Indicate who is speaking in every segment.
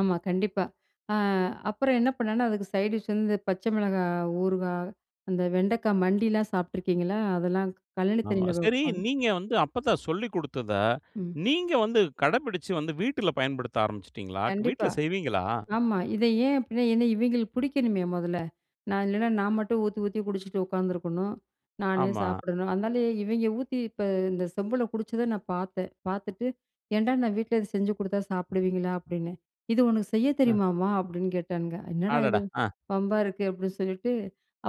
Speaker 1: ஆமா, கண்டிப்பா. அ அப்புறம் என்ன பண்ணேன்னா, அதுக்கு சைட் டிஷ் வந்து பச்சை மிளகாய் ஊறுகாய், அந்த வெண்டைக்காய் மண்டிலாம் சாப்ட்டுருக்கீங்களா? அதெல்லாம் கழனி
Speaker 2: ஆமா.
Speaker 1: தண்ணில
Speaker 2: சரி
Speaker 1: வப்பாங்க.
Speaker 2: நீங்க வந்து அப்பத்தா சொல்லிக் குடுத்தத,
Speaker 1: ம்.
Speaker 2: நீங்க வந்து கடைபிடிச்சு வந்து, வீட்டுல பயன்படுத்த ஆரம்பிச்சுட்டீங்களா? வீட்ல
Speaker 1: கண்டிப்பா.
Speaker 2: செய்வீங்களா?
Speaker 1: ஆமா. இதை ஏன் அப்டின்னா, ஏன்னா இவைங்களுக்கு புடிக்கணுமே மொதல்ல. நான், இல்லைன்னா, நான் மட்டும் ஊத்தி ஊத்தி குடிச்சிட்டு உக்காந்துருக்கணும். நானே
Speaker 2: ஆமா.
Speaker 1: சாப்பிடணும். அதுனால இவய்ங்க ஊத்தி இப்ப இந்த செம்புல குடிச்சத நான் பாத்தேன். பாத்துட்டு "ஏன்டா நான் வீட்ல இத செஞ்சு குடுத்தா சாப்பிடுவீங்களா?" அப்டின்னேன் "இது உனக்கு செய்ய
Speaker 2: ம்.
Speaker 1: தெரியுமாமா" அப்டின்னு கேட்டானுங்க "என்னடா இது
Speaker 2: அடடா! அ.
Speaker 1: வம்பா இருக்கு," அப்டின்னு சொல்லிட்டு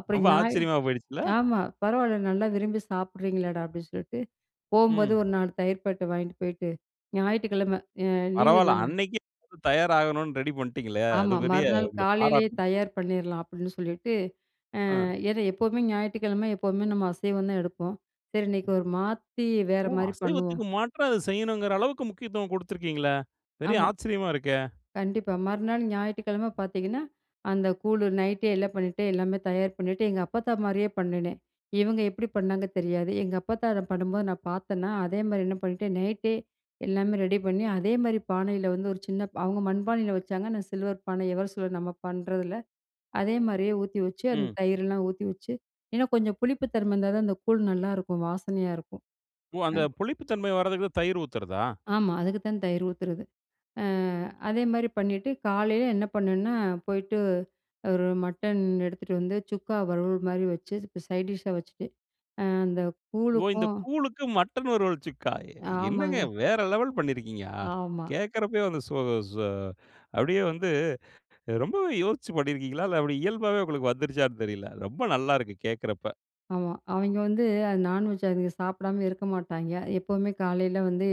Speaker 1: அப்புறம்
Speaker 2: ரொம்ப
Speaker 1: ஞாய
Speaker 2: ஆச்சரியமா போயிடுச்சுல்ல.
Speaker 1: ஆமா, "பரவால்ல நல்லா விரும்பி சாப்பிடுறீங்களேடா" அப்டின்னு சொல்ட்டு போம்போது
Speaker 2: ம்.
Speaker 1: ஒரு 4 தயிர் பாக்கெட்ட வாங்கிட்டு போயிட்டு, ஞாயிற்றுக்கிழமை அ லீவு
Speaker 2: பரவால்ல.
Speaker 1: தானே!
Speaker 2: அன்னைக்கே தயாராகணும்னு, ரெடி பண்ட்டிங்களே! அது
Speaker 1: ஆமா,
Speaker 2: பெரிய
Speaker 1: மறுநாள்
Speaker 2: உங்கள
Speaker 1: "காலையிலேயே
Speaker 2: பாராட்ணும்.
Speaker 1: தயார் பண்ணிர்லாம்" அப்டின்னு சொல்லிட்டு, அ
Speaker 2: ஆ.
Speaker 1: ஏன்னா எப்பவுமே ஞாயிற்றுக்கிழமை, எப்போமே நம்ம அசைவம் தான் எடுப்போம். சரி இன்னைக்கு ஒரு மாத்தி, வேற
Speaker 2: ஓ!
Speaker 1: மாரி பண்ணுவோம்!
Speaker 2: அசைவத்துக்கு மாற்றா அத செய்யனுங்குற அளவுக்கு முக்கியத்துவம் குடுத்திருக்கீங்களே! பெரிய
Speaker 1: ஆமா.
Speaker 2: ஆச்சரியமா இருக்கே!
Speaker 1: கண்டிப்பா. மறுநாள் ஞாயிற்றுக்கிழம பாத்தீங்கன்னா, அந்த கூழு நைட்டே எல்லாம் பண்ணிட்டு, எல்லாமே தயார் பண்ணிட்டு எங்க அப்பத்தா மாரியே பண்ணுனேன். இவுங்க எப்டி பண்ணாங்க தெரியாது, எங்க அப்பத்தா அத பண்ணும்போது நான் பாத்தேனா, அதே மாரி என்ன பண்ணிட்டேன், நைட்டே எல்லாமே ரெடி பண்ணி, அதே மாரி பானையில வந்து ஒரு சின்னபா அவுங்க மண்பானையில வச்சாங்க. நான் சில்வர் பானை எவர் சில்வர் நம்ம பண்றதுல, அதே மாரியே ஊத்தி வச்சு அந்த
Speaker 2: ம்.
Speaker 1: தயிரெல்லாம் ஊத்தி வச்சு இன்னும் கொஞ்சம் புளிப்பு தன்மை இருந்தா தான் அந்த கூழ் நல்லாருக்கும். வாசனையா இருக்கும்.
Speaker 2: ஓ!
Speaker 1: ஆ,
Speaker 2: அந்த புளிப்பு தன்மை வரதுக்கு தயிர் ஊத்துறதா?
Speaker 1: ஆமா. அதுக்கு தான் தயிர் ஊத்துறது. அ அதேமாரி பண்ணிட்டு, காலையில என்ன பண்ணேன்னா, போயிட்டு ஒரு மட்டன் எடுத்துட்டு வந்து, சுக்கா வருவல் மாரி வச்சு, இதுக்கு சைட் டிஷ்ஷா வச்சுட்டு, அ அந்த
Speaker 2: ஓ, இந்த
Speaker 1: கூழுக்கும்
Speaker 2: கூழுக்கு மட்டன் ஒரு வறுவல்ச்சுக்கா, எ என்னங்க
Speaker 1: ஆமாங்க.
Speaker 2: வேற லெவல் பண்ணியிருக்கீங்க? அ.
Speaker 1: ஆமா.
Speaker 2: கேக்கிறப்பயே வந்து சு சு அப்டியே வந்து, ரொம்பவே யோசிச்சு பண்ணியிருக்கீங்களா? இல்ல அப்டி இயல்பாவே உங்களுக்கு வந்துருச்சான்னு தெரியல. ரொம்ப நல்லா இருக்கு. கேக்கிறப்ப.
Speaker 1: ஆமா, அவய்ங்க வந்து அது நான்வெஜ் அதுக சாப்பிடாம இருக்க மாட்டாய்ங்க. எப்பவுமே காலையில வந்து,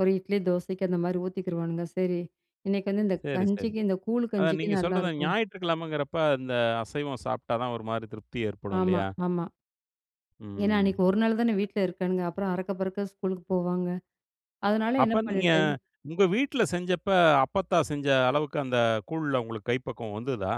Speaker 1: ஒரு இட்லி தோசைக்கு அந்த மாரி ஊத்திக்கிருவானுங்க. சரி இன்னைக்கு வந்து இந்த
Speaker 2: சரி, சரி.
Speaker 1: கஞ்சிக்கு, இந்த கூழ்
Speaker 2: அதான் நீங்க
Speaker 1: கஞ்சிக்கும்
Speaker 2: சொல்றது,
Speaker 1: நல்லாருக்கும்,
Speaker 2: ஞாயிற்றுக்கிழமைன்கிறப்ப, அந்த அசைவம் சாப்ட்டா தான் ஒரு மாரி திருப்தி ஏற்படும்
Speaker 1: ஆமா,
Speaker 2: இல்லையா?
Speaker 1: ஆமா. ஏன்னா, அன்னைக்கு
Speaker 2: ம்.
Speaker 1: 1 நாள் தானே வீட்ல இருக்கானுங்க. அப்புறம் அறக்க பறக்க ஸ்கூலுக்கு போவாங்க. அதனால என்ன
Speaker 2: அப்ப நீங்க
Speaker 1: பண்ணிட்டேன்
Speaker 2: உங்க வீட்ல செஞ்சப்ப, அப்பத்தா செஞ்ச அளவுக்கு, அந்த கூழ்ல உங்களுக்கு கைப்பக்குவம் வந்துதா?